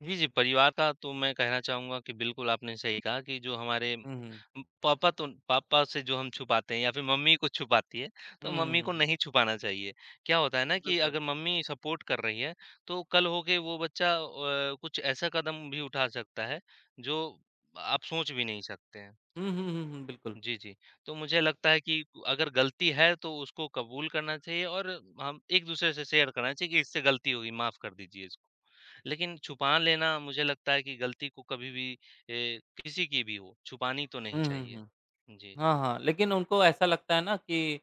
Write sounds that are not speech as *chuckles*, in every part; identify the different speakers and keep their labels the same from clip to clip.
Speaker 1: जी, जी। परिवार का तो मैं कहना चाहूँगा कि बिल्कुल आपने सही कहा कि जो हमारे
Speaker 2: हुँ, हुँ।
Speaker 1: उम, पापा तो पापा से जो हम छुपाते हैं या फिर मम्मी कुछ छुपाती है,
Speaker 2: हुँ,
Speaker 1: तो
Speaker 2: हुँ,
Speaker 1: मम्मी
Speaker 2: हुँ,
Speaker 1: को
Speaker 2: हुँ।
Speaker 1: नहीं छुपाना चाहिए। क्या होता है ना
Speaker 2: अ,
Speaker 1: कि
Speaker 2: बिल्कुल।
Speaker 1: अगर मम्मी सपोर्ट कर रही है, तो कल होके वो बच्चा व अ, कुछ ऐसा कदम भी उठा सकता है जो आप सोच भी नहीं सकते हैं।
Speaker 2: हुँ, हुँ, हुँ, बिल्कुल।
Speaker 1: जी, जी। तो मुझे लगता है कि अगर गलती है तो उसको कबूल करना चाहिए और हम एक-दूसरे से शेयर करना चाहिए कि इससे गलती हो गई माफ़ कर दीजिए इसको। लेकिन छुपा लेना मुझे लगता है कि गलती को कभी भी अ, किसी की भी हो, छुपानी तो नहीं
Speaker 2: हुँ, हुँ,
Speaker 1: चाहिए।
Speaker 2: हुँ।
Speaker 1: जी।
Speaker 2: हाँ, हाँ, लेकिन उनको ऐसा लगता है ना कि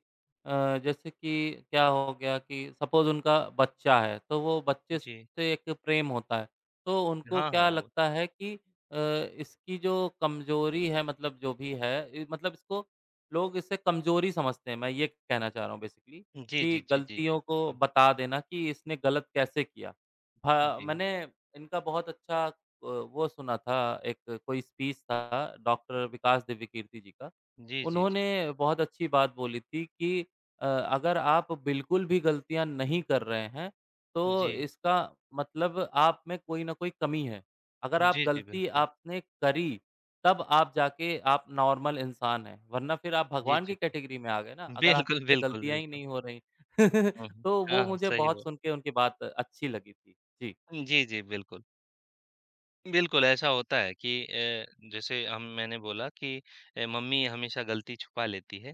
Speaker 2: अ, जैसे कि क्या हो गया कि सपोज उनका बच्चा है, तो वो बच्चे
Speaker 1: जी।
Speaker 2: से एक प्रेम होता है, तो उनको
Speaker 1: हाँ,
Speaker 2: क्या
Speaker 1: हाँ, वो
Speaker 2: लगता है कि अ, इसकी जो कमजोरी है मतलब जो भी है इ मतलब इसको लोग इसे कमजोरी समझते हैं। मैं ये कहना चाह रहा हूँ बेसिकली
Speaker 1: जी, जी,
Speaker 2: कि
Speaker 1: जी, जी, जी,
Speaker 2: गलतियों को
Speaker 1: बिल्कुल।
Speaker 2: बता देना कि इसने गलत कैसे किया? हाँ,
Speaker 1: जी।
Speaker 2: मैंने इनका बहुत अच्छा व वो सुना था एक कोई स्पीच था डॉक्टर विकास दिव्यकीर्ति जी का,
Speaker 1: जी, जी, जी।
Speaker 2: उन्होंने बहुत अच्छी बात बोली थी कि अ, "अगर आप बिल्कुल भी गलतियाँ नहीं कर रहे हैं, तो
Speaker 1: जी।
Speaker 2: इसका मतलब आप में कोई न कोई कमी है।" अगर आप
Speaker 1: जी, जी,
Speaker 2: गलती
Speaker 1: बिल्कुल।
Speaker 2: आपने करी, तब आप जाके आप नॉर्मल इंसान हैं वरना फिर आप
Speaker 1: जी,
Speaker 2: भगवान
Speaker 1: जी,
Speaker 2: की
Speaker 1: जी।
Speaker 2: कैटेगरी में आ गए ना, अगर
Speaker 1: बिल्कुल,
Speaker 2: आपसे
Speaker 1: बिल्कुल,
Speaker 2: गलतियाँ ही
Speaker 1: बिल्कुल।
Speaker 2: नहीं हो रही।
Speaker 1: हुँ,
Speaker 2: *chuckles*
Speaker 1: हुँ।
Speaker 2: तो वो
Speaker 1: हाँ,
Speaker 2: मुझे
Speaker 1: सही
Speaker 2: बहुत
Speaker 1: व
Speaker 2: सुन के उनकी बात अच्छी लगी थी। जी।
Speaker 1: उम, जी, जी, बिल्कुल। बिल्कुल ऐसा होता है कि अ, जैसे हम मैंने बोला कि अ, मम्मी हमेशा गलती छुपा लेती है,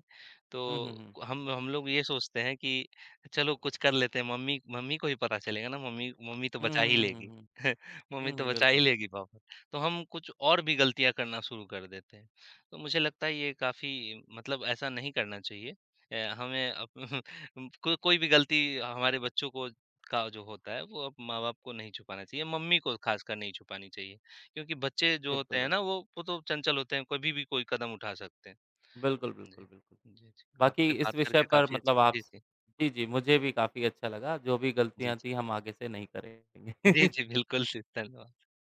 Speaker 2: हुँ, हुँ,
Speaker 1: तो
Speaker 2: हुँ।
Speaker 1: हम हम लोग ये सोचते हैं कि चलो कुछ कर लेते हैं, मम्मी मम्मी को ही पता चलेगा ना मम्मी मम्मी तो
Speaker 2: हुँ,
Speaker 1: बचा ही
Speaker 2: हुँ, हुँ,
Speaker 1: लेगी।
Speaker 2: हुँ, हुँ।
Speaker 1: *chuckles* मम्मी
Speaker 2: हुँ,
Speaker 1: तो
Speaker 2: हुँ,
Speaker 1: बचा ही
Speaker 2: बिल्कुल।
Speaker 1: लेगी पापा तो हम कुछ और भी गलतियाँ करना शुरू कर देते हैं, तो मुझे लगता है ये काफ़ी मतलब ऐसा नहीं करना चाहिए। अ, हमें अब *chuckles* उम, को कोई भी गलती हमारे बच्चों को का जो होता है वो अब माँ-बाप को नहीं छुपाना चाहिए, मम्मी को खासकर नहीं छुपानी चाहिए, क्योंकि बच्चे जो होते
Speaker 2: बिल्कुल,
Speaker 1: हैं
Speaker 2: बिल्क
Speaker 1: ना, वो वो तो चंचल होते हैं कभी भी कोई कदम उठा सकते हैं।
Speaker 2: बिल्कुल, बिल्कुल,
Speaker 1: जी,
Speaker 2: बिल्कुल।
Speaker 1: जी, जी।
Speaker 2: बाकी
Speaker 1: आपसे
Speaker 2: इस
Speaker 1: बात
Speaker 2: विषय
Speaker 1: करके
Speaker 2: पर
Speaker 1: काफ़ी
Speaker 2: मतलब
Speaker 1: अच्छा
Speaker 2: आप
Speaker 1: जी,
Speaker 2: स
Speaker 1: जी।
Speaker 2: जी, जी। मुझे भी काफ़ी अच्छा लगा, जो भी
Speaker 1: जी, जी।
Speaker 2: गलतियाँ थीं हम आगे से नहीं करेंगे।
Speaker 1: जी,
Speaker 2: *chuckles*
Speaker 1: जी, बिल्कुल, जी धन्यवाद।